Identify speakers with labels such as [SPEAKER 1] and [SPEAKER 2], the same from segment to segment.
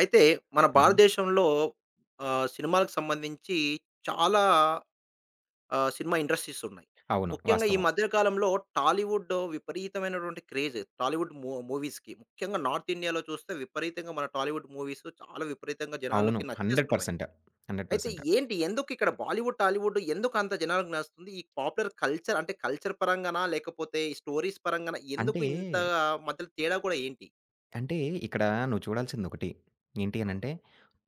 [SPEAKER 1] అయితే మన
[SPEAKER 2] హుహు.
[SPEAKER 1] భారతదేశంలో ఆహ్, సినిమాలకు సంబంధించి చాలా ఆహ్, సినిమా ఇండస్ట్రీస్ ఉన్నాయి.
[SPEAKER 2] అవును.
[SPEAKER 1] ముఖ్యంగా ఈ
[SPEAKER 2] వాస్తవం.
[SPEAKER 1] మధ్య కాలంలో టాలీవుడ్ విపరీతమైనటువంటి క్రేజ్ టాలీవుడ్ ము మూవీస్‌కి. ముఖ్యంగా నార్త్ ఇండియా‌లో చూస్తే విపరీతంగా మన టాలీవుడ్ మూవీస్ చాలా విపరీతంగా
[SPEAKER 2] అవును.
[SPEAKER 1] జనాలకి
[SPEAKER 2] 100%
[SPEAKER 1] నచ్చేస్తున్నాయి.
[SPEAKER 2] పర్సెంట్, 100%
[SPEAKER 1] అయితే
[SPEAKER 2] పర్సెంట్.
[SPEAKER 1] ఏంటి? ఎందుకిక్కడ బాలీవుడ్, టాలీవుడ్ ఎందుకు అంత జనాలకి నచ్చుతుంది? ఈ పాపులర్ కల్చర్ అంటే కల్చర్ పరంగానా లేకపోతే ఈ స్టోరీస్ పరంగానా? ఎందుకు
[SPEAKER 2] అంటే...
[SPEAKER 1] ఇంత మధ్యల తేడా కూడా ఏంటి?
[SPEAKER 2] అంటే ఇక్కడ నువ్వు చూడాల్సిందొకటి. ఏంటి
[SPEAKER 1] అవును.
[SPEAKER 2] అనంటే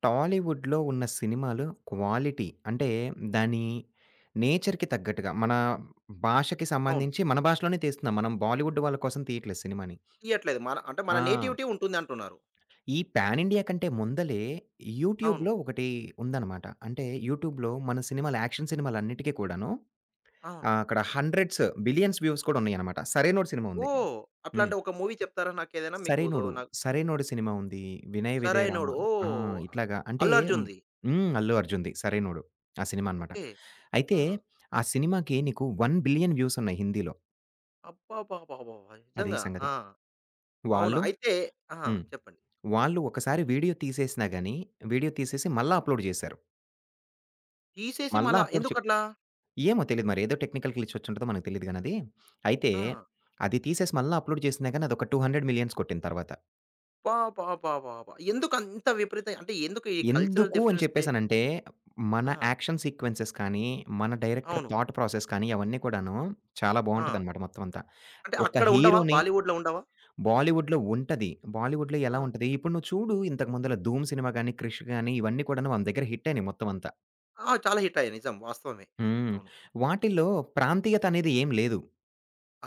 [SPEAKER 2] టాలీవుడ్‌లో ఉన్న సినిమాలు క్వాలిటీ అంటే దాని నేచర్‌కి తగ్గట్టుగా మన భాషకి
[SPEAKER 1] అవును.
[SPEAKER 2] సంబంధించి మన భాషలోనే తీస్తున్నాం. మనం బాలీవుడ్ వాళ్ళ కోసం తీయట్లేదు సినిమా‌ని.
[SPEAKER 1] తియ్యట్లేదు. మన అంటే మన
[SPEAKER 2] ఆ!
[SPEAKER 1] నేటివిటీ ఉంటుందంటున్నారు.
[SPEAKER 2] ప్యాన్ ఇండియా కంటే ముందలే
[SPEAKER 1] అవును.
[SPEAKER 2] యూట్యూబ్‌లో ఒకటి ఉందన్నమాట. అంటే యూట్యూబ్‌లో మన సినిమాలు యాక్షన్ సినిమాలన్నిటికి కూడాను
[SPEAKER 1] అవును.
[SPEAKER 2] ఆహ్, అక్కడ 100స్, 1,00,00,00,000స్ వ్యూస్ కూడా ఉన్నాయన్నమాట. 'సరైనోడు' సినిమా ఉంది.
[SPEAKER 1] ఓహ్!
[SPEAKER 2] హ్మ్.
[SPEAKER 1] అట్లాంటే ఒక మూవీ చెప్తారా? నాకేదైనా మీకు దు
[SPEAKER 2] 'సరైనోడు,
[SPEAKER 1] నాకు
[SPEAKER 2] సరైనోడు' సినిమా ఉంది. 'వినయ విధేయ రామ.'
[SPEAKER 1] 'సరైనోడు.'
[SPEAKER 2] ఆ!
[SPEAKER 1] ఓహ్!
[SPEAKER 2] ఇట్లాగా అంటే
[SPEAKER 1] 'అల్లు అర్జున్‌ది.'
[SPEAKER 2] హ్మ్. అల్లు అర్జున్‌ది 'సరైనోడు.' ఆ సినిమా అన్నమాట.
[SPEAKER 1] ఓకే.
[SPEAKER 2] అయితే
[SPEAKER 1] ఆ!
[SPEAKER 2] ఆ సినిమాకి నీకు 1,00,00,00,000 వ్యూస్ ఉన్నాయి హిందీ‌లో.
[SPEAKER 1] అబ్బబ్బబ్బబ్బబ్బా!
[SPEAKER 2] అదీ
[SPEAKER 1] నిజంగా
[SPEAKER 2] సంగతి.
[SPEAKER 1] ఆ! అవునా!
[SPEAKER 2] వాళ్ళు
[SPEAKER 1] అయితే ఆ!
[SPEAKER 2] హ్మ్.
[SPEAKER 1] చెప్పండి.
[SPEAKER 2] వాళ్ళు ఒకసారి వీడియో తీసేసినా గానీ, వీడియో తీసేసి మళ్ళా అప్‌లోడ్ జేశారు.
[SPEAKER 1] తీసేసి
[SPEAKER 2] మల్లా
[SPEAKER 1] మళ్ళా
[SPEAKER 2] అప్‌లోడ్ చె
[SPEAKER 1] ఎందుకట్లా?
[SPEAKER 2] ఏమో తెలీదు. మరెదో టెక్నికల్ గ్లిచ్ ఒచ్చుంటదో మనకు తెలీదు గానది. అయితే
[SPEAKER 1] ఆ!
[SPEAKER 2] అది తీసేసి మల్లా అప్‌లోడ్ చేసిన గానీ అదొక 200,000,000 కొట్టింది తర్వాత.
[SPEAKER 1] అబ్బబ్బబ్బబ్బబ్బా! ఎందుకంత విపరీతంగా అంటే ఎందుకు ఈ కల్చరల్
[SPEAKER 2] ఎందుకు అని
[SPEAKER 1] డిఫరెన్స్‌దే
[SPEAKER 2] చెప్పేసనంటే మన
[SPEAKER 1] ఆ!
[SPEAKER 2] యాక్షన్ సీక్వెన్సె‌స్ కానీ మన డైరెక్టర్
[SPEAKER 1] అవును.
[SPEAKER 2] థాట్‌ ప్రాసెస్ కానీ అవన్నీ కూడాను చాలా
[SPEAKER 1] ఆ!
[SPEAKER 2] బాగుంటదనమాట మొత్తమంతా.
[SPEAKER 1] అంటే
[SPEAKER 2] ఒక
[SPEAKER 1] అక్కడుండవా?
[SPEAKER 2] హీరో‌ని
[SPEAKER 1] బాలీవుడ్‌లో ఉండవా?
[SPEAKER 2] బాలీవుడ్‌లో ఉంటది. బాలీవుడ్‌లో ఎలా
[SPEAKER 1] ఆ!
[SPEAKER 2] ఉంటది ఇప్పుడు నువ్వు చూడు ఇంతకు ముందుల 'ధూమ్; సినిమా గానీ, 'క్రిష్' గానీ ఇవన్నీ కూడాను మన దగ్గర హిట్టయినియి మొత్తమంతా.
[SPEAKER 1] ఆ! చాలా హిట్టయ్యాయి. నిజం, వాస్తవమే.
[SPEAKER 2] హ్మ్.
[SPEAKER 1] అవును.
[SPEAKER 2] వాటిల్లో ప్రాంతీయత అనేదేం లేదు.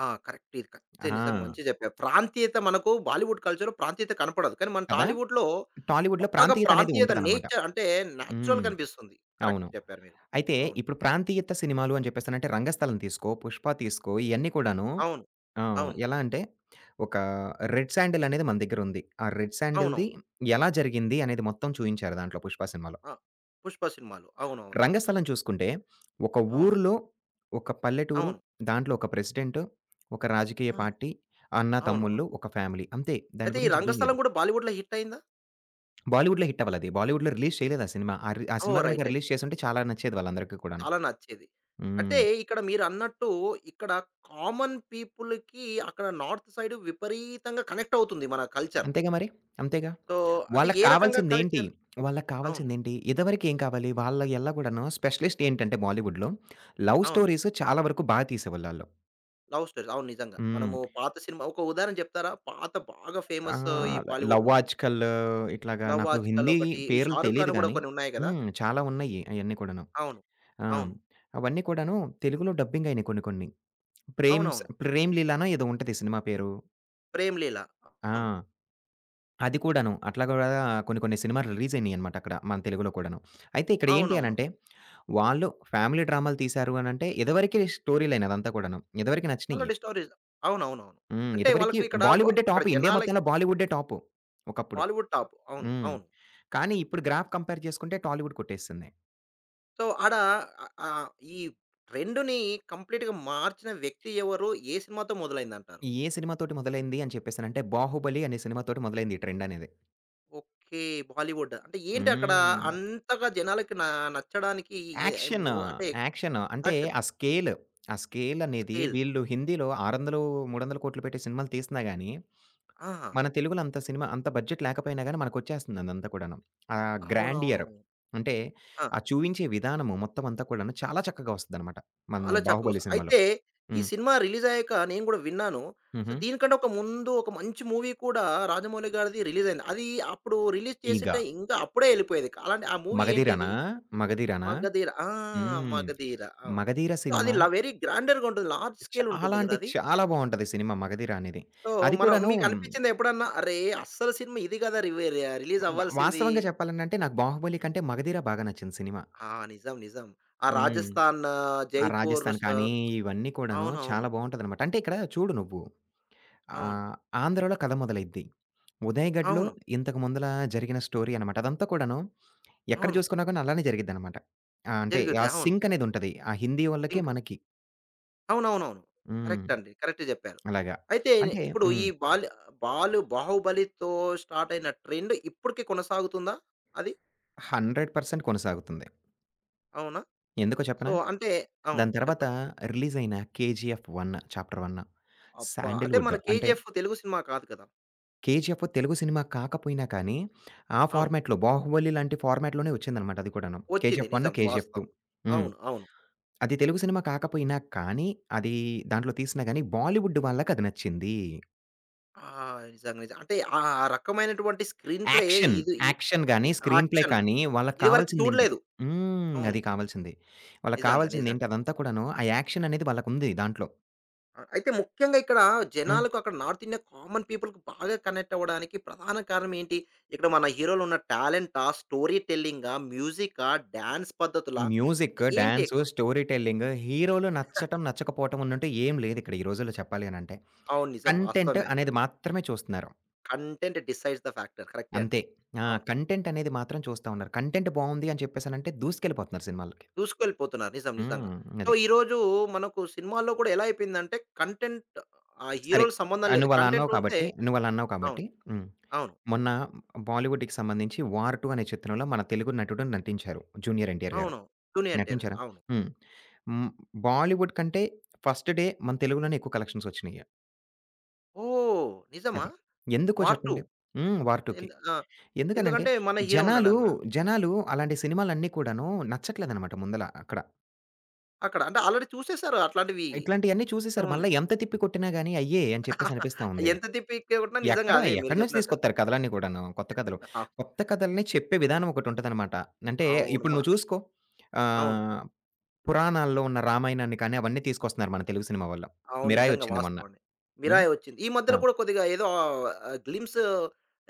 [SPEAKER 1] ఆ! కరెక్టే. కరెక్టే. నిజంగా
[SPEAKER 2] ఆ!
[SPEAKER 1] మంచిగా జెప్పారు. ప్రాంతీయత మనకు బాలీవుడ్ కల్చర్‌లో ప్రాంతీయత కనపడదు. కానీ మన
[SPEAKER 2] కదా!
[SPEAKER 1] టాలీవుడ్‌లో
[SPEAKER 2] టాలీవుడ్‌లో
[SPEAKER 1] బాగా ప్రాంతీయత
[SPEAKER 2] ప్రాంతీయతనేదుంటదనమాట.
[SPEAKER 1] నేచర్ అంటే
[SPEAKER 2] హ్మ్.
[SPEAKER 1] నేచురల్‌గా అనిపిస్తుంది. కరెక్ట్
[SPEAKER 2] అవును.
[SPEAKER 1] జెప్పారు మీరు.
[SPEAKER 2] అయితే
[SPEAKER 1] అవును.
[SPEAKER 2] ఇప్పుడు ప్రాంతీయత సినిమాలు అని చెప్పేసనంటే 'రంగస్థలం' తీసుకో, 'పుష్ప; తీసుకో ఇయన్నీ కూడాను
[SPEAKER 1] అవును.
[SPEAKER 2] ఆహ్,
[SPEAKER 1] అవును.
[SPEAKER 2] ఎలా అంటే ఒకా రెడ్ శాండెలనేది మన దగ్గరుంది. ఆ రెడ్ శాండెల్‌ది
[SPEAKER 1] అవునవును.
[SPEAKER 2] ఎలా జరిగింది? అనేది మొత్తం చూయించారు దాంట్లో 'పుష్ప' సినిమాలో.
[SPEAKER 1] ఆ! 'పుష్ప' సినిమాలో. అవునవునవును.
[SPEAKER 2] 'రంగస్థలం' చూసుకుంటే ఒక
[SPEAKER 1] అవును.
[SPEAKER 2] ఊరిలో, ఒక పల్లెటూరు
[SPEAKER 1] అవును.
[SPEAKER 2] దాంట్లో ఒక ప్రెసిడెంట్, ఒక రాజకీయ
[SPEAKER 1] ఆ!
[SPEAKER 2] పార్టీ, అన్న,
[SPEAKER 1] అవునవును.
[SPEAKER 2] తమ్ముల్లు ఒక ఫ్యామిలీ అంతే. దాని
[SPEAKER 1] అయితే ఈ
[SPEAKER 2] గురించింకేం
[SPEAKER 1] రంగస్థలం
[SPEAKER 2] లేదు.
[SPEAKER 1] గూడా బాలీవుడ్‌లో హిట్టయిందా?
[SPEAKER 2] బాలీవుడ్‌లో హిట్ అవ్వలేదు. అది బాలీవుడ్‌లో రిలీజ్ చేయలేదా సినిమా. ఆ రి
[SPEAKER 1] ఓహ్!
[SPEAKER 2] సినిమా
[SPEAKER 1] రైట్.
[SPEAKER 2] గనుక రిలీజ్
[SPEAKER 1] రైట్.
[SPEAKER 2] చేసుంటే చాలా నచ్చేది వాళ్ళందరికి కూడాను.
[SPEAKER 1] చాలా నచ్చేది. అంటే
[SPEAKER 2] హ్మ్.
[SPEAKER 1] ఇక్కడ మీరన్నట్టు ఇక్కడ కామన్ పీపుల్‌‌కి, అక్కడ నార్త్ సైడ్ విపరీతంగా కనెక్టవుతుంది మన కల్చర్.
[SPEAKER 2] అంతేగా మరి! అంతేగా.
[SPEAKER 1] సో, అంటే
[SPEAKER 2] వాళ్ళకి
[SPEAKER 1] ఏ రకంగా
[SPEAKER 2] కావాల్సిదేం‌టి?
[SPEAKER 1] కల్చర్?
[SPEAKER 2] వాళ్ళకి
[SPEAKER 1] అవును.
[SPEAKER 2] కావాల్సిదేం‌టి? ఇదివరకేం కావాలి? వాళ్ళ ఎల్లా గూడను స్పెషలిస్ట్ ఏంటంటే, బాలీవుడ్‌లో, లవ్
[SPEAKER 1] అవును.
[SPEAKER 2] స్టోరీస్ చాలా వరకు బా తీసేవోళ్ళాళ్ళు.
[SPEAKER 1] Love stories. అవును, నిజంగా.
[SPEAKER 2] హ్మ్.
[SPEAKER 1] మనము పాత సినిమా ఒక ఉదాహరణ చెప్తారా, పాత బాగా ఫేమస్ ఈ
[SPEAKER 2] ఆహ్, ల 'లవ్
[SPEAKER 1] బాలీవుడ్‌లో?
[SPEAKER 2] ఆజ్ కల్' ఇట్లాగా
[SPEAKER 1] 'లవ్
[SPEAKER 2] నాకు
[SPEAKER 1] ఆజ్ కల్'
[SPEAKER 2] హిందీ
[SPEAKER 1] ఒకటి. ఈ
[SPEAKER 2] పేర్లు
[SPEAKER 1] 'షారుఖ్
[SPEAKER 2] తెలీదు
[SPEAKER 1] ఖాన్‌వి గూడా
[SPEAKER 2] గాని
[SPEAKER 1] కొన్నున్నాయి గదా!
[SPEAKER 2] హ్మ్. చాలా ఉన్నాయి అయన్నీ కూడాను.
[SPEAKER 1] అవును.
[SPEAKER 2] ఆ!
[SPEAKER 1] అవును.
[SPEAKER 2] అవన్నీ కూడాను తెలుగులో డబ్బింగ్ అయినాయి కొన్ని కొన్ని. ప్రేమ్స్
[SPEAKER 1] అవునవును.
[SPEAKER 2] 'ప్రేమ్‌లీలనో' ఏదో ఉంటది సినిమా పేరు.
[SPEAKER 1] 'ప్రేమ్‌లీల.'
[SPEAKER 2] ఆ!
[SPEAKER 1] హ్మ్.
[SPEAKER 2] అది కూడాను. అట్లాగ కూడా కొన్ని కొన్ని సినిమాలు రిలీజ్ అయినాయన్నమాటక్కడ మన తెలుగులో కూడాను. అయితే ఇక్కడ ఏంటి
[SPEAKER 1] అవునవును.
[SPEAKER 2] అనంటే వాళ్ళు, ఫ్యామిలీ డ్రామలు తీసారు అనంటే, ఇదివరకే స్టోరీ లైన్ అదంతా కూడాను. ఇదివరికి నచ్చినయి.
[SPEAKER 1] ఆల్రెడీ స్టోరీస్, అవునవునవును.
[SPEAKER 2] హ్మ్.
[SPEAKER 1] అంటే
[SPEAKER 2] ఇదివరకి
[SPEAKER 1] వాళ్ళకు ఇక్కడ బ
[SPEAKER 2] బాలీవుడ్డే
[SPEAKER 1] అక్కడ
[SPEAKER 2] టాపు. ఇండియా
[SPEAKER 1] జనాలకి
[SPEAKER 2] మొత్తంలో బాలీవుడ్డే టాపు ఒకప్పుడు.
[SPEAKER 1] బాలీవుడ్ టాప్. అవును.
[SPEAKER 2] హ్మ్.
[SPEAKER 1] అవును.
[SPEAKER 2] కానీ, ఇప్పుడు గ్రాఫ్ కంపేర్ జేసుకుంటే టాలీవుడ్ కొట్టేసింది.
[SPEAKER 1] సో, ఆడా ఆహ్, ఈ ట్రెండ్‌ని కంప్లీట్‌గా మార్చిన వ్యక్తి ఎవరు? ఏ సినిమాతో మొదలైందంటారు?
[SPEAKER 2] ఏ సినిమా తోటి మొదలైంది అని చెప్పేసనంటే 'బాహుబలి' అనే సినిమా తోటి మొదలైంది ఈ ట్రెండనేది.
[SPEAKER 1] ఓకే. బాలీవుడ్. అంటే, ఏంటక్కడ
[SPEAKER 2] హ్మ్.
[SPEAKER 1] అంతగా జనాలకి నా నచ్చడానికి ఏ
[SPEAKER 2] యాక్షన్.
[SPEAKER 1] మో అంటే
[SPEAKER 2] యాక్షన్. అంటే
[SPEAKER 1] యాక్షన్?
[SPEAKER 2] ఆ స్కేల్ ఆ స్కేలనేది
[SPEAKER 1] స్కేల్.
[SPEAKER 2] వీళ్ళు హిందీలో 600, 300,00,00,000 పెట్టి సినిమాలు తీసినా గానీ,
[SPEAKER 1] ఆహా!
[SPEAKER 2] మన తెలుగులో అంత సినిమా అంత బడ్జెట్ లేకపోయినా గానీ మనకొచ్చేస్తంది అదంతా కూడాను. ఆహ్,
[SPEAKER 1] అవునవును.
[SPEAKER 2] గ్రాండియర్ అంటే
[SPEAKER 1] ఆ!
[SPEAKER 2] ఆ చూయించే విధానము మొత్తం అంతా కూడాను చాలా చక్కగా ఒస్తదనమాట మనది
[SPEAKER 1] చాలా
[SPEAKER 2] బాహుబలి
[SPEAKER 1] చక్కగొస్త
[SPEAKER 2] సినిమాలో.
[SPEAKER 1] అయితే ఈ
[SPEAKER 2] హ్మ్.
[SPEAKER 1] సినిమా రిలీజయ్యాక నేను గూడా విన్నాను. సో,
[SPEAKER 2] హుహు.
[SPEAKER 1] దీనికన్నా ఒక ముందు ఒక మంచి మూవీ కూడా రాజమౌళి గారిది రిలీజయింది. అదీ అప్పుడు రిలీజ్ చేసుంటే
[SPEAKER 2] 'ఈగ.'
[SPEAKER 1] ఇంకా అప్పుడే ఎళ్ళిపోయేది. అలాంటి ఆ మూవీ
[SPEAKER 2] మగధీరనా?
[SPEAKER 1] ఏంటది?
[SPEAKER 2] మగధీరనా?
[SPEAKER 1] 'మగధీర' ఆ!
[SPEAKER 2] హ్మ్.
[SPEAKER 1] 'మగధీర'. అవును.
[SPEAKER 2] మగధీర సినిమా...
[SPEAKER 1] అదిల వెరీ గ్రాండర్‌గుంటది. లార్జ్
[SPEAKER 2] చాలా
[SPEAKER 1] స్కేలుంటుంది గద
[SPEAKER 2] అంటే
[SPEAKER 1] అది.
[SPEAKER 2] చాలా బావుంటది సినిమా మగధీర అనేది.
[SPEAKER 1] సో,
[SPEAKER 2] అది
[SPEAKER 1] మనం
[SPEAKER 2] కూడానూ
[SPEAKER 1] మీకనిపిచిందా ఎప్పుడన్నా? అరే! అస్సలు సినిమా ఇది గదా! రివీరీ
[SPEAKER 2] బ
[SPEAKER 1] రిలీజవ్వాల్సింది.
[SPEAKER 2] వాస్తవంగా చెప్పాలనంటే నాకు 'బాహుబలి' కంటే మగధీర బాగా నచ్చింది సినిమా.
[SPEAKER 1] ఆ! నిజం. నిజం. ఆ
[SPEAKER 2] హ్మ్.
[SPEAKER 1] రాజస్థాన్,
[SPEAKER 2] ఆ రాజస్థాన్
[SPEAKER 1] జైపూరుసు
[SPEAKER 2] కానీ, ఇవన్నీ కూడాను
[SPEAKER 1] అవునవును.
[SPEAKER 2] చాలా బావుంటాదన్నమాట. అంటే, ఇక్కడ చూడు నువ్వు
[SPEAKER 1] అవును.
[SPEAKER 2] ఆహ్, ఆంధ్రలో కథ మొదలైద్ది. ఉదయ్ ఘడ్‌లో
[SPEAKER 1] అవును.
[SPEAKER 2] ఇంతకు ముందులా జరిగిన స్టోరీ అనమాట. అదంతా కూడాను ఎక్కడ
[SPEAKER 1] అవును.
[SPEAKER 2] జూసుకున్న గానీ అలానే జరిగిద్దనమాట. ఆహ్, అంటే ఆ
[SPEAKER 1] జరుగుద్ది అవును.
[SPEAKER 2] సింకనేదుంటది ఆ హిందీ ఓళ్ళకి
[SPEAKER 1] సింక్.
[SPEAKER 2] మనకి.
[SPEAKER 1] అవునవునవును.
[SPEAKER 2] హ్మ్.
[SPEAKER 1] కరెక్ట్ అండి. కరెక్ట్ జెప్పారు.
[SPEAKER 2] అలాగా
[SPEAKER 1] అయితే నె
[SPEAKER 2] అంటే
[SPEAKER 1] ఇప్పుడు ఈ
[SPEAKER 2] హ్మ్.
[SPEAKER 1] బాల్ బాలు బాహుబలితో స్టార్టయిన ట్రెండ్ ఇప్పటికి కొనసాగుతుందా అది?
[SPEAKER 2] 100% కొనసాగుతుంది.
[SPEAKER 1] అవునా?
[SPEAKER 2] ఎందుకో
[SPEAKER 1] సో,
[SPEAKER 2] చెప్పనా?
[SPEAKER 1] అంటే అవును.
[SPEAKER 2] దాని తర్వాత
[SPEAKER 1] చెప్పండి.
[SPEAKER 2] రిలీజయిన 'కేజీఎఫ్ 1' చాప్టర్ 1,
[SPEAKER 1] అబ్బా! అంటే
[SPEAKER 2] శాండల్‌వుడ్
[SPEAKER 1] మన
[SPEAKER 2] అంటే
[SPEAKER 1] 'కేజీఎఫ్' తెలుగు సినిమా కాదు కదా!
[SPEAKER 2] 'కేజీఎఫ్' తెలుగు సినిమా కాకపోయినా కానీ, ఆ
[SPEAKER 1] అవును.
[SPEAKER 2] ఫార్మాట్‌లో 'బాహుబలి' లాంటి ఫార్మాట్‌లోనే వచ్చిందన్నమాట అది కూడాను.
[SPEAKER 1] ఒచ్చింది
[SPEAKER 2] 'కేజీఎఫ్ 1',
[SPEAKER 1] నిజం.
[SPEAKER 2] 'కేజీఎఫ్
[SPEAKER 1] వాస్తవం.
[SPEAKER 2] 2' హ్మ్.
[SPEAKER 1] అవును. అవును.
[SPEAKER 2] అది తెలుగు సినిమా కాకపోయినా కానీ, అది దాంట్లో తీసినా గాని, బాలీవుడ్ వాళ్ళకది నచ్చింది.
[SPEAKER 1] ఆ! నిజంగా నిజంగా. అంటే ఆ! రకమైనటువంటి స్క్రీన్ ప్లే
[SPEAKER 2] యాక్షన్,
[SPEAKER 1] ఇది ఇ
[SPEAKER 2] యాక్షన్ గాని, స్క్రీన్ ప్లే
[SPEAKER 1] యాక్షన్
[SPEAKER 2] కానీ, వాళ్ళకి
[SPEAKER 1] ఇది వరకు
[SPEAKER 2] కావాల్సిందేంటి
[SPEAKER 1] చూడలేదు.
[SPEAKER 2] హ్మ్.
[SPEAKER 1] అవును.
[SPEAKER 2] అది కావాల్సింది. వాళ్ళకి
[SPEAKER 1] నిజంగా. నిజంగా.
[SPEAKER 2] కావాల్సిందేంటి? అదంతా కూడాను ఆ యాక్షననేది వాళ్ళకుంది దాంట్లో.
[SPEAKER 1] అ అయితే ముఖ్యంగా ఇక్కడ
[SPEAKER 2] హ్మ్.
[SPEAKER 1] జనాలకు, అక్కడ నార్త్ ఇండియా కామన్ పీపుల్‌కి బాగా కనెక్టవ్వడానికి ప్రధాన కారణమేంటి? ఇక్కడ మన హీరోలు ఉన్న టాలెంటా, స్టోరీ టెల్లింగా, మ్యూజికా, డాన్స్ పద్ధతులా
[SPEAKER 2] మ్యూజిక్,
[SPEAKER 1] ఏంటి
[SPEAKER 2] డాన్సు,
[SPEAKER 1] ఎక్కువ?
[SPEAKER 2] స్టోరీ టెల్లింగ్, హీరోలు నచ్చడం, నచ్చకపోవటమన్నట్టు ఏమి లేదిక్కడ ఈ రోజుల్లో చెప్పాలని అంటే,
[SPEAKER 1] అవును. నిజం.
[SPEAKER 2] కంటెంట్
[SPEAKER 1] వాస్తవమే అది.
[SPEAKER 2] అనేది మాత్రమే చూస్తున్నారు.
[SPEAKER 1] Content decides the factor. కరెక్టే అండి.
[SPEAKER 2] అంతే. ఆ!
[SPEAKER 1] అవును.
[SPEAKER 2] కంటెంటనేది మాత్రం చూస్తా ఉన్నారు. కంటెంట్ బావుంది అని చెప్పేసనంటే దూసుకెళ్ళిపోతున్నారు సినిమాలకి.
[SPEAKER 1] దూసుకెళ్ళిపోతున్నారు. నిజం నిజంగా.
[SPEAKER 2] హ్మ్.
[SPEAKER 1] సో,
[SPEAKER 2] అది.
[SPEAKER 1] ఈరోజూ మనకు సినిమాల్లో కూడా ఎలా అయిపోయిందంటే కంటెంట్ ఆ
[SPEAKER 2] సరే.
[SPEAKER 1] హీరోలకి సంబంధం లేదు.
[SPEAKER 2] నువ్వలా
[SPEAKER 1] కంటెంట్
[SPEAKER 2] అన్నావు
[SPEAKER 1] ఉంటే
[SPEAKER 2] కాబట్టి, నువ్వలా అన్నావు
[SPEAKER 1] అవును.
[SPEAKER 2] కాబట్టి, హ్మ్.
[SPEAKER 1] అవును.
[SPEAKER 2] మొన్న బాలీవుడ్‌కి సంబంధించి 'వార్ 2' అనే చిత్రంలో మన తెలుగు నటుడు నటించారు 'జూనియర్ ఎన్‌టి‌ఆర్' గారు.
[SPEAKER 1] అవును. 'జూనియర్ ఎన్‌టిఆర్' గారు.
[SPEAKER 2] నటించారా?
[SPEAKER 1] అవును.
[SPEAKER 2] హ్మ్. హ్మ్. బాలీవుడ్ కంటే ఫస్ట్ డే మన తెలుగులోనే ఎక్కువ కలెక్షన్సొచ్చినియి.
[SPEAKER 1] ఓహ్! నిజమా?
[SPEAKER 2] అది. ఎందుకో
[SPEAKER 1] వార్ 2?
[SPEAKER 2] చెప్పండి. హ్మ్. 'వార్ 2కి'.
[SPEAKER 1] ఎందు ఆ!
[SPEAKER 2] ఎందుకనంటే
[SPEAKER 1] ఎందుకంటే మన హీరో
[SPEAKER 2] జనాలు
[SPEAKER 1] ఉన్నాడనా?
[SPEAKER 2] జనాలు అలాంటి సినిమాలన్నీ కూడాను నచ్చట్లేదనమాట ముందల అక్కడ.
[SPEAKER 1] అక్కడ. అంటే ఆల్రెడీ చూసేసారు అట్లాంటివి.
[SPEAKER 2] ఇట్లాంటియన్నీ చూసేసారు.
[SPEAKER 1] ఏముంది?
[SPEAKER 2] మళ్ళా ఎంత తిప్పి కొట్టిన గానీ అయ్యే అని చెప్పేసి అనిపిస్తా ఉంది.
[SPEAKER 1] ఎంత తిప్పి హిట్టే గొట్టినా నిజంగా
[SPEAKER 2] ఎక్కడా?
[SPEAKER 1] అవే మీరు
[SPEAKER 2] ఎక్కడి నుంచి
[SPEAKER 1] జెప్పినట్టు.
[SPEAKER 2] తీసుకొత్తారు కథలన్నీ కూడాను కొత్త కథలు.
[SPEAKER 1] అవును.
[SPEAKER 2] కొత్త కథల్ని చెప్పే విధానం ఒకటుంటదనమాట. అంటే ఇప్పుడు
[SPEAKER 1] అవుడ్మా
[SPEAKER 2] నువ్వు చూసుకో.
[SPEAKER 1] అవును.
[SPEAKER 2] ఆహ్, పురాణాల్లో ఉన్న రామాయణాన్ని కానీ, అవన్నీ తీసుకొస్తున్నారు మన తెలుగు సినిమా వళ్ళు.
[SPEAKER 1] అవును. నిజంగా
[SPEAKER 2] మిరాయొచ్చింది మొన్న.
[SPEAKER 1] వాస్తవండి.
[SPEAKER 2] హ్మ్.
[SPEAKER 1] మిరాయొచ్చింది. ఈ
[SPEAKER 2] ఆ!
[SPEAKER 1] మధ్యలో కూడా కొద్దిగా ఏదో ఆహ్, గ్లింప్స్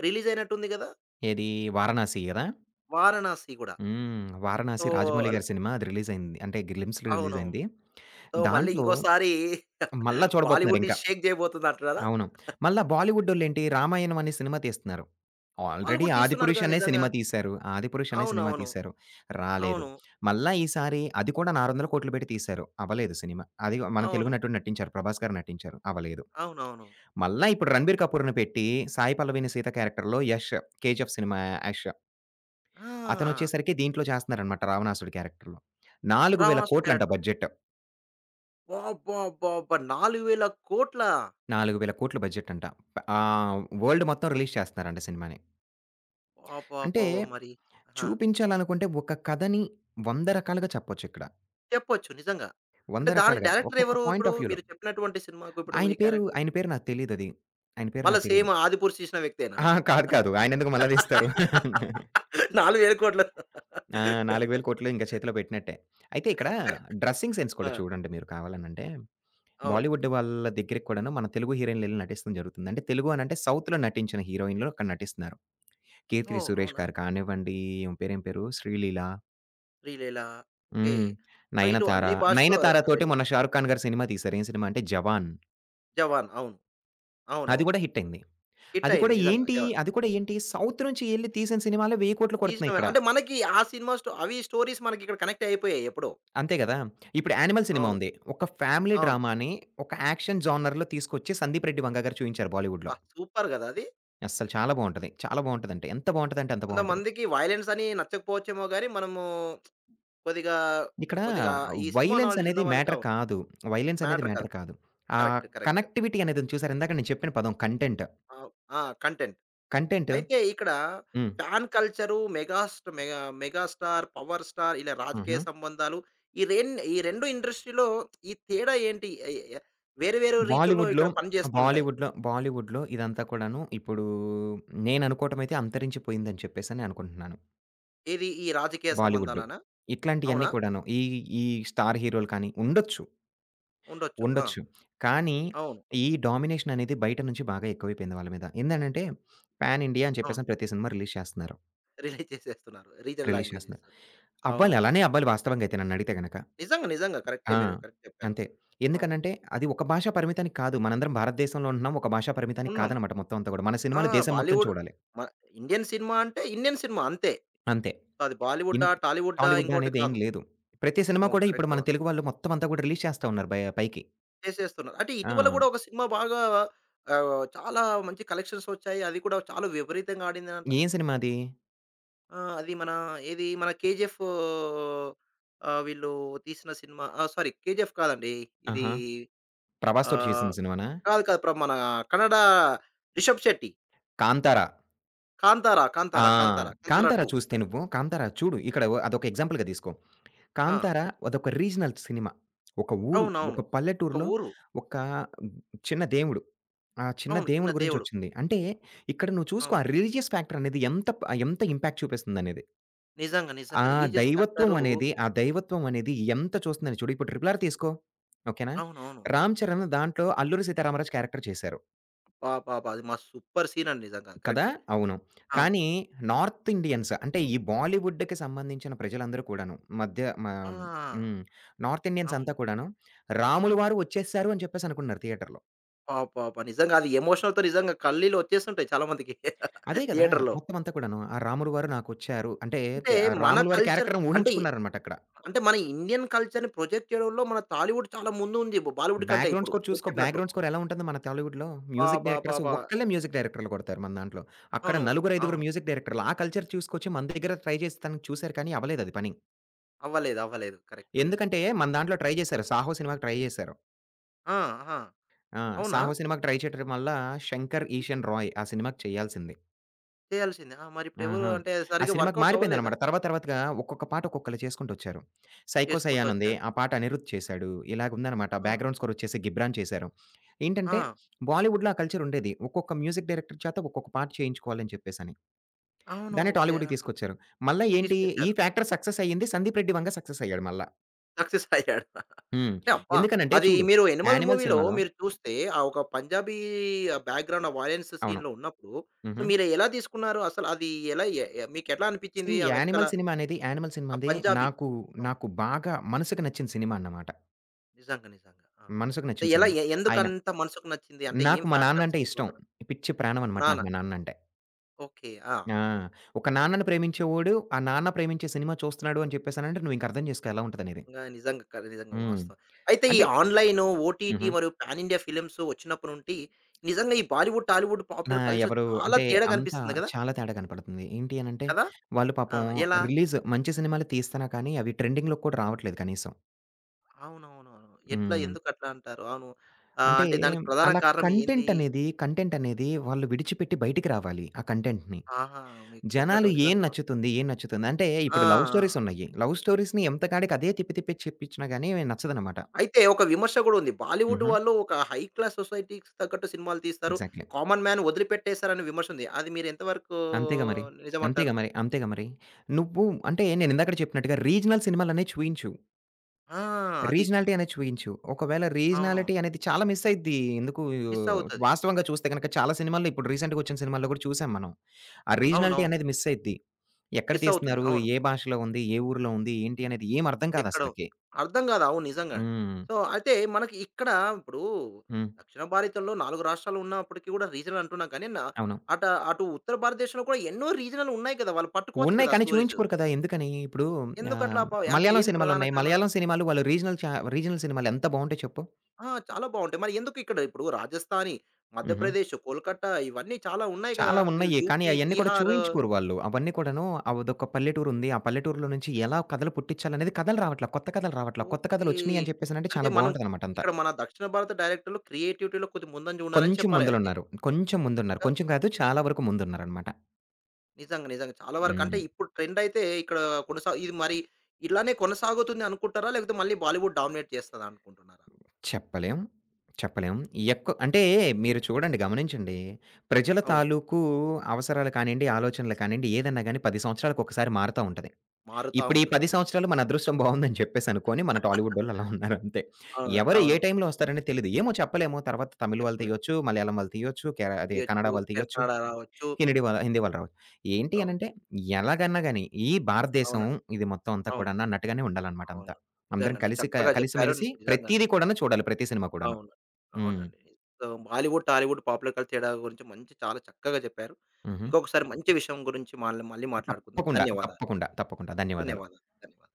[SPEAKER 1] రిలీజయినట్టుంది గదా!
[SPEAKER 2] ఏది వారణాసి గదా?
[SPEAKER 1] వారణాసి గూడా.
[SPEAKER 2] హ్మ్. వారణాసి రాజమౌళి
[SPEAKER 1] సో
[SPEAKER 2] గారి సినిమా అది రిలీజయింది. అంటే గ్లిమ్స్‌లో రిలీజ్
[SPEAKER 1] అవునవును.
[SPEAKER 2] అయింది.
[SPEAKER 1] సో, మళ్ళీ
[SPEAKER 2] దాంట్లో
[SPEAKER 1] ఇంకోసారి
[SPEAKER 2] మళ్ళా చూడబోతున్నారింకా
[SPEAKER 1] బాలీవుడ్‌నిషేక్ చేయబోతుందంటున్నారా?
[SPEAKER 2] అవును. మళ్ళా బాలీవుడ్డొళ్ళేంటి రామాయణం అనే సినిమా తీస్తున్నారు.
[SPEAKER 1] వాళ్ళు
[SPEAKER 2] ఆల్రెడీ
[SPEAKER 1] కూడా తీస్తున్నారు
[SPEAKER 2] 'ఆదిపురుష్'
[SPEAKER 1] కదా
[SPEAKER 2] అనే
[SPEAKER 1] నిజంగా!
[SPEAKER 2] సినిమా తీశారు. 'ఆదిపురుష్' అనే సినిమా
[SPEAKER 1] అవునవును.
[SPEAKER 2] తీశారు. రాలేదు.
[SPEAKER 1] అవును.
[SPEAKER 2] మళ్ళా ఈసారి అది కూడా 6000000000 పెట్టి తీసారు. అవ్వలేదు సినిమా. అది మన తెలుగు
[SPEAKER 1] అవును.
[SPEAKER 2] నటుడు నటించారు 'ప్రభాస్' గారు నటించారు అవ్వలేదు.
[SPEAKER 1] అవునవును.
[SPEAKER 2] మల్ల ఇప్పుడు 'రణబీర్ కపూర్‌ని' పెట్టి 'సాయి పల్లవిని' 'సీత' క్యారెక్టర్‌లో 'యష్ కేజీఎఫ్' సినిమా యష్.
[SPEAKER 1] ఆ!
[SPEAKER 2] అతనొచ్చేసరికి దీంట్లో చేస్తున్నారన్నమాట రావణాసురుడి క్యారెక్టర్‌లో నాలుగు వేల
[SPEAKER 1] రావణాసురుడు
[SPEAKER 2] కోట్లంట
[SPEAKER 1] క్యారెక్టరు.
[SPEAKER 2] బడ్జెట్.
[SPEAKER 1] అబ్బబ్బబ్బా! 40000000000!
[SPEAKER 2] 40000000000 బడ్జెటంట. ఆహ్, వరల్డ్ మొత్తం రిలీజ్ చేస్తున్నారంట సినిమాని.
[SPEAKER 1] అబ్బబ్బ!
[SPEAKER 2] అంటే
[SPEAKER 1] ఓహ్! మరి ఆ!
[SPEAKER 2] చూపించాలనుకుంటే ఒక కథని వంద రకాలుగా చెప్పొచ్చిక్కడ.
[SPEAKER 1] చెప్పొచ్చు నిజంగా!
[SPEAKER 2] వంద
[SPEAKER 1] అంటే దానికి
[SPEAKER 2] రకాలుగా
[SPEAKER 1] డైరెక్టరు
[SPEAKER 2] ఒక్కొక్క
[SPEAKER 1] ఎవరు
[SPEAKER 2] పాయింట్
[SPEAKER 1] ఇప్పుడు?
[SPEAKER 2] అఫ్ వ్యూలో.
[SPEAKER 1] మీరు చెప్పినటువంటి సినిమాకు ఇప్పుడు
[SPEAKER 2] ఆయన
[SPEAKER 1] ఈ
[SPEAKER 2] పేరు
[SPEAKER 1] క్యారెక్టర్?
[SPEAKER 2] ఆయన పేరు నాకు తెలీదది ఆయన పేరు
[SPEAKER 1] మళ్ళా
[SPEAKER 2] నాకు
[SPEAKER 1] సేమ్
[SPEAKER 2] తెలీదు.
[SPEAKER 1] 'ఆదిపురుష్' తీసిన వ్యక్తేనా?
[SPEAKER 2] ఆ! కాదు కాదు. ఆయనెందుకు మల్లా తీస్తారు?
[SPEAKER 1] 40000000000.
[SPEAKER 2] ఆ! 40000000000 ఇంకా చేతిలో పెట్టినట్టే. అయితే ఇక్కడ డ్రెసింగ్ సెన్స్ కూడా
[SPEAKER 1] ఆ!
[SPEAKER 2] చూడండి మీరు కావాలనంటే,
[SPEAKER 1] అవును.
[SPEAKER 2] బాలీవుడ్ వాళ్ళ దగ్గరకి కూడాను మన తెలుగు హీరోయిన్‌లెళ్లి నటిస్తం జరుగుతుంది. అంటే తెలుగు వాళ్ళంటే సౌత్‌లో నటించిన హీరోయిన్లు అక్కడ నటిస్తున్నారు. 'కీర్తి
[SPEAKER 1] ఓహ్!
[SPEAKER 2] సురేష్'
[SPEAKER 1] అవునా?
[SPEAKER 2] గారు కానివ్వండి ఈమె పేరేం పేరు 'శ్రీలీల'.
[SPEAKER 1] 'శ్రీలీల' ఓకే.
[SPEAKER 2] హ్మ్.
[SPEAKER 1] సో, ఇటు
[SPEAKER 2] 'నయనతార.'
[SPEAKER 1] అన్ని భాషలో రె
[SPEAKER 2] 'నయనతార'
[SPEAKER 1] రెం
[SPEAKER 2] తోటి మొన్న 'షారుక్ ఖాన్' గారు సినిమా తీశారు. ఏం సినిమా అంటే 'జవాన్.'
[SPEAKER 1] 'జవాన్.' అవును.
[SPEAKER 2] అది
[SPEAKER 1] అవునవును.
[SPEAKER 2] గూడా హిట్ అయింది.
[SPEAKER 1] హిట్
[SPEAKER 2] అది
[SPEAKER 1] అయింది.
[SPEAKER 2] కూడా
[SPEAKER 1] నిజంగా.
[SPEAKER 2] ఏంటి,
[SPEAKER 1] జవా
[SPEAKER 2] అది కూడా ఏంటి, సౌత్ నుంచి ఎళ్ళి తీసిన సినిమాలో 10,00,00,00,000
[SPEAKER 1] తీసినవే
[SPEAKER 2] కొడుతున్నాయిక్కడ.
[SPEAKER 1] అంటే మనకి ఆ సినిమా స్టో అవి స్టోరీస్ మనకిక్కడ కనెక్ట్ అయిపోయాయి ఎప్పుడో.
[SPEAKER 2] అంతే గదా! ఇప్పుడు 'యానిమల్' సినిమా
[SPEAKER 1] అవును.
[SPEAKER 2] ఉంది. ఒక ఫ్యామిలీ
[SPEAKER 1] అవును.
[SPEAKER 2] డ్రామా‌ని ఒక యాక్షన్ జోనర్‌లో తీసుకొచ్చి, 'సందీప్ రెడ్డి వంగ' గారు చూయించారు
[SPEAKER 1] అబ్బా!
[SPEAKER 2] బాలీవుడ్‌‌‌‌‌లో.
[SPEAKER 1] సూపర్ గదా! అది.
[SPEAKER 2] అస్సలు చాలా బావుంటది. చాలా బావుంటది అంటే ఎంత బావుంటదంటే, అంత బావుంటది.
[SPEAKER 1] కొంమందికి వయలెన్స్ అని నచ్చకపోవచ్చేమో గాని, మనము కొద్దిగా,
[SPEAKER 2] ఇక్కడ
[SPEAKER 1] కొద్దిగా ఈ సినిమా
[SPEAKER 2] వయలెన్స్
[SPEAKER 1] నా‌లెడ్జ్
[SPEAKER 2] అనేది
[SPEAKER 1] ఉన్నవాళ్ళకి
[SPEAKER 2] మ్యాటర్
[SPEAKER 1] అవును.
[SPEAKER 2] కాదు. వయలెన్స్ అనేది
[SPEAKER 1] మ్యాటర్ కాదు.
[SPEAKER 2] మ్యాటర్ కాదు. ఆ!
[SPEAKER 1] కరెక్టు. కరెక్టు.
[SPEAKER 2] కనెక్టివిటీ అనేదుందిచూసారా! ఇందాక నేను చెప్పిన పదం కంటెంట్...
[SPEAKER 1] అవ్ ఆ! కంటెంట్.
[SPEAKER 2] కంటెంట్.
[SPEAKER 1] అయితే ఇక్కడ
[SPEAKER 2] హ్మ్.
[SPEAKER 1] ఫ్యాను కల్చరు, మెగాస్ట్ ఆహ్, మెగా మెగాస్టార్, పవర్ స్టార్ ఇలా రాజకీయ
[SPEAKER 2] హుహు.
[SPEAKER 1] సంబంధాలు, ఈ రెన్ ఈ 2 ఇండస్ట్రీ‌లో ఈ తేడా ఏంటి? ఎ ఎ వేరు వేరు రీతుల్లో
[SPEAKER 2] బాలీవుడ్‌‌‌‌‌లో
[SPEAKER 1] ఇక్కడ
[SPEAKER 2] ఆహ్,
[SPEAKER 1] పనిజేస్తుంటాయి.
[SPEAKER 2] బాలీవుడ్‌‌‌‌‌లో, బాలీవుడ్‌‌‌‌‌లో ఇదంతా కూడాను ఇప్పుడు, నేననుకోవటం అయితే అంతరించి పోయిందని చెప్పేసనే అనుకుంటున్నాను.
[SPEAKER 1] ఏది ఈ రాజకీయ
[SPEAKER 2] బాలీవుడ్డు.
[SPEAKER 1] సంబంధాలనా?
[SPEAKER 2] ఇట్లాంటియన్నీ
[SPEAKER 1] అవునా?
[SPEAKER 2] కూడాను, ఈ ఈ స్టార్ హీరోలు కానీ ఉండొచ్చు...
[SPEAKER 1] ఉండొచ్చు. ఆ!
[SPEAKER 2] ఉండొచ్చు. కానీ,
[SPEAKER 1] అవును.
[SPEAKER 2] ఈ డామినేషన్ అనేది బయట నుంచి బాగా ఎక్కువైపోయింది వాళ్ళ మీద. ఏందనంటే, ప్యాన్ ఇండియా అని
[SPEAKER 1] అవును.
[SPEAKER 2] చెప్పేసని ప్రతి సినిమా రిలీజ్ చేస్తున్నారు.
[SPEAKER 1] రిలీజ్ జేసేస్తున్నారు రీజనల్
[SPEAKER 2] రిలీజ్
[SPEAKER 1] లాంగ్వేజెస్.
[SPEAKER 2] జేస్తన్నారు.
[SPEAKER 1] అవును.
[SPEAKER 2] అవ్వాలి. అలానే అవాల్లి. వాస్తవంగయితే నన్నడిగితే గనక.
[SPEAKER 1] నిజంగా. నిజంగా. కరెక్టే.
[SPEAKER 2] ఆ!
[SPEAKER 1] మీరు కరెక్ట్ చెప్పారు.
[SPEAKER 2] అంతే.
[SPEAKER 1] అవును.
[SPEAKER 2] ఎందుకనంటే అది ఒక భాషా పరిమితానికి కాదు. మనందరం భారతదేశంలో ఉంటున్నాం. ఒక భాషా పరిమితానికి
[SPEAKER 1] ఉన్నం.
[SPEAKER 2] కాదనమాట మొత్తం అంతా గూడా, మన సినిమాలు
[SPEAKER 1] ఆహ్,
[SPEAKER 2] దేశం మొత్తం
[SPEAKER 1] బాలీవుడ్
[SPEAKER 2] చూడాలి.
[SPEAKER 1] మా ఇండియన్ సినిమా అంటే ఇండియన్ సినిమా అంతే.
[SPEAKER 2] అంతే.
[SPEAKER 1] సో, అది బాలీవుడ్డా,
[SPEAKER 2] ఇన్ది
[SPEAKER 1] టాలీవుడ్డా,
[SPEAKER 2] టాలీవుడ్డా
[SPEAKER 1] ఇంకోటా
[SPEAKER 2] అనేది ఏం
[SPEAKER 1] కాదు.
[SPEAKER 2] లేదు. ప్రతి సినిమా
[SPEAKER 1] అవును.
[SPEAKER 2] కూడా ఇప్పుడు
[SPEAKER 1] కరెక్టో.
[SPEAKER 2] మన తెలుగు వాళ్ళు మొత్తం అంతా గూడా రిలీజ్ చేస్తా ఉన్నారు బయా పైకి.
[SPEAKER 1] చేసేస్తున్నారు. అంటే ఇటీవల
[SPEAKER 2] ఆ!
[SPEAKER 1] గూడా ఒక సినిమా బాగా ఆహ్, చాలా మంచి కలెక్షన్స్ ఒచ్చాయి. అది కూడా చాలా విపరీతంగా ఆడిందాంట.
[SPEAKER 2] ఏం సినిమా అది?
[SPEAKER 1] ఆ! అది మన ఏది మన 'కేజీఎఫ్' ఆహ్, వీళ్ళు తీసిన సినిమా ఆ! సారీ 'కేజీఎఫ్' కాదండి. ఇదీ
[SPEAKER 2] ఆహా! 'ప్రభాస్‌' తోటి
[SPEAKER 1] ఆహ్,
[SPEAKER 2] చేసింది సినిమా‌నా?
[SPEAKER 1] కాదు కాదు. ప్ర మన కన్నడ 'రిషభ్ శెట్టి'.
[SPEAKER 2] 'కాంతార'.
[SPEAKER 1] 'కాంతారా',
[SPEAKER 2] ఆ!
[SPEAKER 1] 'కాంతారా', 'కాంతారా'. 'కాంతారా
[SPEAKER 2] 'కాంతారా'
[SPEAKER 1] 2'.
[SPEAKER 2] చూస్తే నువ్వు 'కాంతారా' చూడు. ఇక్కడ ఒ అదొక ఎగ్జాంపుల్‌గా దీసుకో.
[SPEAKER 1] ఆ!
[SPEAKER 2] 'కాంతారా' అదొక రీజనల్ సినిమా. ఒక ఊరు,
[SPEAKER 1] అవునవును.
[SPEAKER 2] ఒక
[SPEAKER 1] ఒక
[SPEAKER 2] పల్లెటూరులో
[SPEAKER 1] ఊరు.
[SPEAKER 2] ఒకా బ్ చిన్న దేవుడు, ఆ చిన్న
[SPEAKER 1] అవును. చిన్న
[SPEAKER 2] దేవుడు
[SPEAKER 1] దేవుడు.
[SPEAKER 2] గురించొచ్చింది. అంటే ఇక్కడ నువ్వు చూసుకో
[SPEAKER 1] అవును.
[SPEAKER 2] ఆ రిలిజియస్ ఫ్యాక్టర్ అనేది ఎంత ప్ ఆ! ఎంత ఇంపాక్ట్ చూపిస్తందనేది.
[SPEAKER 1] నిజంగా.
[SPEAKER 2] ఆ
[SPEAKER 1] నిజంగా. రిలిజియస్
[SPEAKER 2] దైవత్వం
[SPEAKER 1] ఫ్యాక్టరూ
[SPEAKER 2] అనేది, ఆ దైవత్వం అనేది ఎంత చూస్తుందని చూడు, ఇప్పుడు 'ట్రిపుల్ ఆర్' తీసుకో ఓకేనా!
[SPEAKER 1] అవునవును.
[SPEAKER 2] 'రామ్ చరణ్' దాంట్లో 'అల్లూరి సీతారామరాజు' క్యారెక్టర్ చేశారు.
[SPEAKER 1] అబ్బబ్బాబా! అది మస్తు, సూపర్ సీనండి! నిజంగా.
[SPEAKER 2] కదా!
[SPEAKER 1] కరెక్టే.
[SPEAKER 2] అవును.
[SPEAKER 1] అవును.
[SPEAKER 2] కానీ, నార్త్ ఇండియన్స్ అంటే, ఈ బాలీవుడ్డుకి సంబంధించిన ప్రజలందరూ కూడాను మధ్య మ
[SPEAKER 1] ఆ!
[SPEAKER 2] హ్మ్. నార్త్ ఇండియన్స్ అంతా
[SPEAKER 1] అవును.
[SPEAKER 2] కూడాను, రాములవారు ఒచ్చేసారు అని చెప్పేసి అనుకున్నారు థియేటర్‌లో.
[SPEAKER 1] అబ్బబ్బాబా! నిజంగా అది ఎమోషనతో నిజంగా కన్నీళ్ళు ఒచ్చేస్తుంటాయి, చాలా మందికి
[SPEAKER 2] అదే గదా!
[SPEAKER 1] థియేటర్‌లో.
[SPEAKER 2] మొత్తమంతా కూడాను. ఆ రాములవారు నాకొచ్చారు. అంటే
[SPEAKER 1] అంటే,
[SPEAKER 2] తె ఆ
[SPEAKER 1] మన
[SPEAKER 2] రాములవారి
[SPEAKER 1] కల్చర్
[SPEAKER 2] క్యారెక్టర్‌
[SPEAKER 1] అంటే, ఇ
[SPEAKER 2] ఊహించుకున్నారనమాట అక్కడ.
[SPEAKER 1] అంటే మన ఇండియన్ కల్చర్‌ని ప్రొజెక్ట్ చేయడంలో, మన టాలీవుడ్ చాలా ముందుంది. బా బాలీవుడ్ కంటే,
[SPEAKER 2] బ్యాక్‌గ్రౌండ్‌
[SPEAKER 1] ఇప్పుడు
[SPEAKER 2] స్కోర్
[SPEAKER 1] మీరు
[SPEAKER 2] చూసుకో,
[SPEAKER 1] చెప్పినట్లు.
[SPEAKER 2] బ్యాక్‌గ్రౌండ్‌ స్కోరెలా ఉంటంది మన టాలీవుడ్‌లో? మ్యూజిక్ డైరెక్టర్సు
[SPEAKER 1] అబ్బబ్బాబా!
[SPEAKER 2] ఒక్కల్లె మ్యూజిక్ డైరెక్టర్లు కొడతారు మన దాంట్లో. అక్కడ
[SPEAKER 1] అవును.
[SPEAKER 2] నలుగురైదుగురు
[SPEAKER 1] అవును.
[SPEAKER 2] మ్యూజిక్ డైరెక్టర్లు. ఆ కల్చర్ చూసుకొచ్చి, మన దగ్గర ట్రై జేస్తానికి చూశారు కానీ, అవ్వలేదది పని.
[SPEAKER 1] అవ్వలేదు. అవ్వలేదు. కరెక్టే. మీరు
[SPEAKER 2] ఎందుకంటే,
[SPEAKER 1] జెప్పారు.
[SPEAKER 2] మన దాంట్లో ట్రై జేసారు, 'సాహో' సినిమాకి ట్రై జేసారు.
[SPEAKER 1] ఆ! ఆహా!
[SPEAKER 2] ఆహ!
[SPEAKER 1] అవునా?
[SPEAKER 2] 'సాహో' సినిమాకి ట్రై చేయటం మల్ల 'శంకర్ ఈషన్ రాయ్' ఆ సినిమాకి చేయాల్సింది.
[SPEAKER 1] చేయాల్సిందే. ఆ! మరిప్పుడెవరు
[SPEAKER 2] ఆహా!
[SPEAKER 1] అంటే,
[SPEAKER 2] ఆ
[SPEAKER 1] సరిగ్గా
[SPEAKER 2] సినిమాకి
[SPEAKER 1] వర్కౌట్ అవ్వలేదా?
[SPEAKER 2] మారిపోయిందన్నమాట. తరవాత తరవాతగా ఒక్కొక్క పాట, ఒక్కొక్కలు చేసుకుంటొచ్చారు. 'సైకో సై' అనుంది,
[SPEAKER 1] చేసుకుంటొచ్చారు.
[SPEAKER 2] ఆ పాట 'అనిరుద్' చేసాడు ఇలాగుందనమాట.
[SPEAKER 1] ఆ!
[SPEAKER 2] బ్యాక్‌గ్రౌండ్‌ స్కోరొచ్చేసి 'గిబ్రాన్' చేశారు. ఏంటంటే,
[SPEAKER 1] ఆ!
[SPEAKER 2] బాలీవుడ్‌లో ఆ కల్చరుండేది. ఒక్కొక్క మ్యూజిక్ డైరెక్టర్ చేత, ఒక్కొక్క పాట చేయించుకోవాలని చెప్పేసని.
[SPEAKER 1] అవును.
[SPEAKER 2] దాన్నే
[SPEAKER 1] ఓకే.
[SPEAKER 2] టాలీవుడ్‌కి
[SPEAKER 1] ఆహా!
[SPEAKER 2] తీసుకొచ్చారు. మళ్ళా ఏంటి? ఈ
[SPEAKER 1] తీసుకొచ్చారు.
[SPEAKER 2] ఫ్యాక్టర్ సక్సెస్సయింది, 'సందీప్ రెడ్డి వంగా' సక్సెస్ అయ్యాడు మళ్ళా.
[SPEAKER 1] సక్సెస్ అయ్యాడు.
[SPEAKER 2] హ్మ్.
[SPEAKER 1] అంటే అబ్బా!
[SPEAKER 2] ఎందుకనంటే
[SPEAKER 1] అది
[SPEAKER 2] చూడు
[SPEAKER 1] మీరు 'యానిమల్'
[SPEAKER 2] 'యానిమల్'
[SPEAKER 1] మూవీ‌లో
[SPEAKER 2] సినిమాలో
[SPEAKER 1] మీరు చూస్తే ఆ ఒక పంజాబీ బ్యాక్‌గ్రౌండ్ ఆ వయొలెన్స్
[SPEAKER 2] అవును.
[SPEAKER 1] సీన్‌లో ఉన్నప్పుడు సో
[SPEAKER 2] హుహు.
[SPEAKER 1] మీరు ఎలా దీసుకున్నారు? అసలు అది ఎలా ఎ ఎ మీకెట్లా
[SPEAKER 2] సీ
[SPEAKER 1] అనిపిచ్చింది ఆ వెనకాల?
[SPEAKER 2] 'యానిమల్' సినిమా అనేది 'యానిమల్'
[SPEAKER 1] ఆ
[SPEAKER 2] సినిమాది
[SPEAKER 1] పంజాబీ.
[SPEAKER 2] నాకు,
[SPEAKER 1] అవును.
[SPEAKER 2] నాకు బాగా మనసుకు నచ్చిన సినిమా అన్నమాట.
[SPEAKER 1] నిజంగా. నిజంగా. ఆ!
[SPEAKER 2] మనసుకి
[SPEAKER 1] అంటే
[SPEAKER 2] నచ్చిన
[SPEAKER 1] ఎలా
[SPEAKER 2] సినిమా.
[SPEAKER 1] ఎ
[SPEAKER 2] ఆయన
[SPEAKER 1] ఎందుకంత మనసుకు నచ్చింది అంటే
[SPEAKER 2] నాకు
[SPEAKER 1] ఏం
[SPEAKER 2] మా
[SPEAKER 1] ఫ్యాక్టర్స్
[SPEAKER 2] నాన్నంటే
[SPEAKER 1] మీకు
[SPEAKER 2] ఇష్టం.
[SPEAKER 1] అక్కడ?
[SPEAKER 2] పిచ్చి ప్రాణం అనమాట
[SPEAKER 1] నాన్న
[SPEAKER 2] నాకు మా నాన్నంటే.
[SPEAKER 1] ఓకె. ఆ!
[SPEAKER 2] ఆ! ఒక నాన్నని ప్రేమించేవోడు ఆ నాన్న ప్రేమించే సినిమా చూస్తున్నాడు అని చెప్పేసనంటే నువ్వింక అర్థం చేసుకో ఎలా ఉంటదనేది.
[SPEAKER 1] ఇంగా నిజంగా కానీ నిజంగా
[SPEAKER 2] హ్మ్.
[SPEAKER 1] వాస్తవం. అయితే ఈ
[SPEAKER 2] అంటే
[SPEAKER 1] ఆన్‌లైను, ఓటీటీ
[SPEAKER 2] హుహు.
[SPEAKER 1] మరియు పాన్ ఇండియా ఫిల్మ్స్ ఒచ్చినప్పటి నుంటి నిజంగా ఈ బాలీవుడ్, టాలీవుడ్
[SPEAKER 2] నా
[SPEAKER 1] పాపులర్ కల్చర్
[SPEAKER 2] ఎవరు
[SPEAKER 1] చాలా
[SPEAKER 2] అంటే
[SPEAKER 1] తేడా
[SPEAKER 2] అంతా
[SPEAKER 1] కనిపిస్తుంది గదా!
[SPEAKER 2] చాలా తేడా కనపడతుంది. ఏంటి అనంటే
[SPEAKER 1] కదా!
[SPEAKER 2] వాళ్ళు
[SPEAKER 1] ఆ!
[SPEAKER 2] పాపం
[SPEAKER 1] ఎలా?
[SPEAKER 2] రిలీజ్ మంచి సినిమాలే తీస్తన్నా కానీ, అవి ట్రెండింగ్‌లోకి కూడా రావట్లేదు కనీసం.
[SPEAKER 1] అవునవునవును. ఎట్లా?
[SPEAKER 2] హ్మ్.
[SPEAKER 1] ఎందుకట్లా అంటారు? అవును. ఆహ్,
[SPEAKER 2] అంటే
[SPEAKER 1] అంటే దానికి ప్రధాన
[SPEAKER 2] అలా
[SPEAKER 1] కారణం ఏందీ?
[SPEAKER 2] కంటెంట్ అనేది, కంటెంట్ అనేది వాళ్ళు విడిచిపెట్టి బయటికి రావాలి ఆ కంటెంట్‌‌‌‌‌ని.
[SPEAKER 1] ఆహా! మీరు చెప్పినట్టు
[SPEAKER 2] జనాలు ఏం
[SPEAKER 1] నిజంగా
[SPEAKER 2] నచ్చుతుంది? ఏం నచ్చుతుంది? అంటే ఇప్పుడు లవ్
[SPEAKER 1] ఆ!
[SPEAKER 2] స్టోరీసున్నయి. లవ్ స్టోరీస్‌‌ని ఎంత కాడికి అదే తిప్పి తిప్పి చెప్పిచ్చిన గాని నచ్చదనమాట.
[SPEAKER 1] అయితే ఒక విమర్శ గూడా ఉంది. బాలీవుడ్
[SPEAKER 2] హుహు.
[SPEAKER 1] వాళ్ళు ఒక హై క్లాస్ సొసైటీ‌‌‌‌‌‌‌‌కి తగ్గట్టు సినిమాలు తీస్తారు.
[SPEAKER 2] ఎగ్జాక్ట్‌‌‌‌‌‌లీ.
[SPEAKER 1] కామన్ మ్యాన్ వదిలిపెట్టేశారని విమర్శుంది. అది మీరు ఎంతవరకు
[SPEAKER 2] అంతేగా మరి!
[SPEAKER 1] నిజమంటారు?
[SPEAKER 2] అంతేగా మరి! అంతేగా మరి! నువ్వు అంటే నేనిందాకడ చెప్పినట్టుగా, రీజనల్ సినిమాలనేయి చూయించు.
[SPEAKER 1] ఆ! అది.
[SPEAKER 2] రీజనాలిటీ అనే చూయించు. ఒకవేళ
[SPEAKER 1] అవునవును.
[SPEAKER 2] రీజినాలిటీ అనేది చాలా మిస్సయిద్ది. ఎందుకు?
[SPEAKER 1] మిస్సవుతది.
[SPEAKER 2] వాస్తవంగా చూస్తే గనుక చాలా సినిమాల్లో ఇప్పుడు రీసెంట్‌‌‌‌‌‌‌‌గా ఒచ్చిన సినిమాల్లో గూడా చూసాం మనం. ఆ రీజనాలిటీ
[SPEAKER 1] అవునవును.
[SPEAKER 2] అనేది మిస్సయిద్ది. ఎక్కడ
[SPEAKER 1] మిస్సవుతుంది.
[SPEAKER 2] తీస్తున్నారు?
[SPEAKER 1] అవును.
[SPEAKER 2] ఏ భాషలో ఉంది? ఏ ఊర్లో ఉంది? ఏంటి అనేది ఏమర్థం కాదు
[SPEAKER 1] ఎక్కడో,
[SPEAKER 2] అసలకి.
[SPEAKER 1] అర్థం గాదు అవును నిజంగా.
[SPEAKER 2] హ్మ్.
[SPEAKER 1] సో అయితే మనకి ఇక్కడ ఇప్పుడు
[SPEAKER 2] హ్మ్.
[SPEAKER 1] దక్షిణ భారతంలో 4 రాష్ట్రాలు ఉన్నప్పటికి గూడా రీజనంటున్నాం గాని,
[SPEAKER 2] అవును.
[SPEAKER 1] అట అటు ఉత్తర భారతదేశంలో కూడా ఎన్నో రీజనల్‌ ఉన్నాయి గదా! వాళ్ళు పట్టుకోవచ్చు
[SPEAKER 2] ఉన్నాయి.
[SPEAKER 1] గదా!
[SPEAKER 2] కానీ
[SPEAKER 1] స్టోరీస్.
[SPEAKER 2] చూయించుకోరు కదా! ఎందుకని? ఇప్పుడు
[SPEAKER 1] ఎందుకట్లా
[SPEAKER 2] ఆహ్,
[SPEAKER 1] పా అంటే
[SPEAKER 2] మలయాళం
[SPEAKER 1] ఏంది ప్రధాన
[SPEAKER 2] సినిమాలున్నాయి.
[SPEAKER 1] కారణం?
[SPEAKER 2] మలయాళం సినిమాలు వాళ్ళు రీజనల్ చా రీజనల్ సినిమాలు ఎంత బావుంటాయి చెప్పు.
[SPEAKER 1] ఆ! చాలా బావుంటాయి. మరి ఎందుకు ఇక్కడ ఇప్పుడు రాజస్థానీ,
[SPEAKER 2] హుహు.
[SPEAKER 1] మధ్యప్రదేశ్, కోల్‌కట్టా ఇవన్నీ చాలా ఉన్నాయి గదా!
[SPEAKER 2] చాలా
[SPEAKER 1] యు
[SPEAKER 2] ఉన్నాయి.
[SPEAKER 1] యూ
[SPEAKER 2] కానీ
[SPEAKER 1] పీ,
[SPEAKER 2] అయన్నీ కూడా
[SPEAKER 1] బీహార్.
[SPEAKER 2] చూయించుకోరు వాళ్ళు. అవన్నీ కూడాను అదొక పల్లెటూరుంది. ఆ పల్లెటూరులో నుంచి ఎలా కథలు పుట్టిచ్చాలనేది కథలు రావట్లా. కొత్త కథలు రావట్లా. కొత్త
[SPEAKER 1] ఓకే.
[SPEAKER 2] కథలొచ్చినయి అని చెప్పేసనంటే
[SPEAKER 1] అంటే
[SPEAKER 2] చాలా
[SPEAKER 1] మనం
[SPEAKER 2] బావుంటదనమాటంతా.
[SPEAKER 1] ఇక్కడ మన దక్షిణ భారత డైరెక్టర్లు క్రియేటివిటీ‌లో కొద్దిగా ముందంజ ఉన్నారని అని
[SPEAKER 2] కొంచెం
[SPEAKER 1] చెప్పాలి అయితే.
[SPEAKER 2] ముందలున్నారు. కొంచెం ముందున్నారు
[SPEAKER 1] ఆ!
[SPEAKER 2] కొంచెం గాదు చాలా వరకు ముందున్నారనమాట.
[SPEAKER 1] నిజంగా. నిజంగా. చాలా వరకు అంటే
[SPEAKER 2] హ్మ్.
[SPEAKER 1] ఇప్పుడు ట్రెండయితే ఇక్కడ కొనసాగు ఇది మరి ఇలానే కొనసాగుతుంది అనుకుంటారా? లేకపోతే మళ్ళీ బాలీవుడ్ డామినేట్ చేస్తదనుకుంటున్నారా?
[SPEAKER 2] చెప్పలేం. చెప్పలేం. ఎక్ అంటే మీరు చూడండి, గమనించండి. ప్రజల
[SPEAKER 1] అవును.
[SPEAKER 2] తాలూకు అవసరాలు కానియండి, ఆలోచనలు కానియండి, ఏదన్నా గాని పది సంవత్సరాలకొకసారి మారతా ఉంటది.
[SPEAKER 1] మారుతా
[SPEAKER 2] ఇప్పుడు ఈ
[SPEAKER 1] ఉంటుంది.
[SPEAKER 2] 10 సంవత్సరాలు మన అదృష్టం బావుందని చెప్పేసనుకోని మన టాలీవుడ్డోళ్ళు అలా ఉన్నారంతే.
[SPEAKER 1] అవును.
[SPEAKER 2] ఎవరు ఏ
[SPEAKER 1] అవును.
[SPEAKER 2] టైంలో వస్తారనేది తెలీదు ఏమో చెప్పలేము తరువాత తమిళ్ వాళ్ళు
[SPEAKER 1] చెప్పలేం.
[SPEAKER 2] తీయొచ్చు, మలయాళం వాళ్ళు తీయొచ్చు, కేర అది కన్నడ
[SPEAKER 1] ఎటూ
[SPEAKER 2] వాళ్ళు తీయొచ్చు.
[SPEAKER 1] ఎక్కడ రావచ్చు?
[SPEAKER 2] హినడివా హిందీవాల రావచ్చు. ఏంటి
[SPEAKER 1] రావచ్చు.
[SPEAKER 2] అనంటే ఎలాగన్నా గాని ఈ భారత దేశం
[SPEAKER 1] అవునండి.
[SPEAKER 2] ఇది మొత్తం అంతా
[SPEAKER 1] అవును.
[SPEAKER 2] కూడాను అన్నట్టుగానే
[SPEAKER 1] అవును.
[SPEAKER 2] ఉండాలనమాటంతా. అందరం
[SPEAKER 1] నిజంగా అండి!
[SPEAKER 2] కలిసి క
[SPEAKER 1] చక్కగా
[SPEAKER 2] కలిసి,
[SPEAKER 1] చెప్పారు
[SPEAKER 2] మెలిసి
[SPEAKER 1] ని నిజంగా.
[SPEAKER 2] ప్రతీది కూడాను చూడాలి ప్రతి సినిమా కూడాను.
[SPEAKER 1] అవును.
[SPEAKER 2] హ్మ్.
[SPEAKER 1] అవునండి. సో బాలీవుడ్, టాలీవుడ్ పాపులర్ కల్చడ తేడా గురించి మంచి చాలా చక్కగా జెప్పారు.
[SPEAKER 2] హుహు.
[SPEAKER 1] ఇంకొకసారి మంచి విషయం గురించి మళ్ళ మళ్ళీ మాట్లాడుకుందాం.
[SPEAKER 2] తప్పకుండా.
[SPEAKER 1] ధన్యవాదాలు.
[SPEAKER 2] తప్పకుండా. తప్పకుండా. ధన్యవాదాలు.
[SPEAKER 1] ధన్యవాదాలు. ధన్యవాదాలు.